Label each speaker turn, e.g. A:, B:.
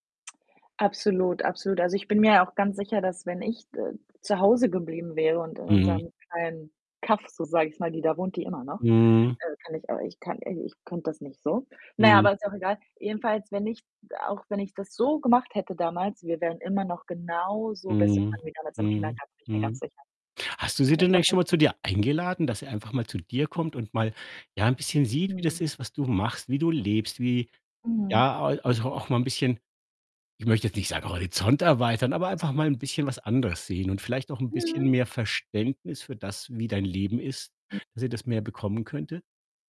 A: Absolut, absolut. Also, ich bin mir ja auch ganz sicher, dass wenn ich, d äh, zu Hause geblieben wäre und in
B: Mhm.
A: unserem kleinen Kaff, so sage ich's mal die da wohnt die immer noch.
B: Mhm.
A: Äh, kann ich auch ich kann äh, ich könnte das nicht so. Na ja,
B: Mhm.
A: aber ist auch egal. Jedenfalls, wenn ich auch wenn ich das so gemacht hätte damals, wir wären immer noch genauso beste
B: Mhm,
A: Freunde wie damals im
B: mhm,
A: Kindergarten, bin ich mir ganz
B: mhm.
A: sicher.
B: Hast du sie
A: Aber
B: denn
A: sie hat
B: eigentlich schon
A: mich
B: mal zu dir eingeladen? Dass sie einfach mal zu dir kommt und mal, ja, 'n bisschen sieht, wie
A: Mhm.
B: das ist, was du machst, wie du lebst, wie
A: Mhm.
B: ja, al also auch mal 'n bisschen ich möchte jetzt nicht sagen, Horizont erweitern, aber einfach mal 'n bisschen was anderes sehen und vielleicht auch 'n bisschen
A: Mhm.
B: mehr Verständnis für das, wie dein Leben ist,
A: [unintelligible]
B: dass sie das mehr bekommen könnte?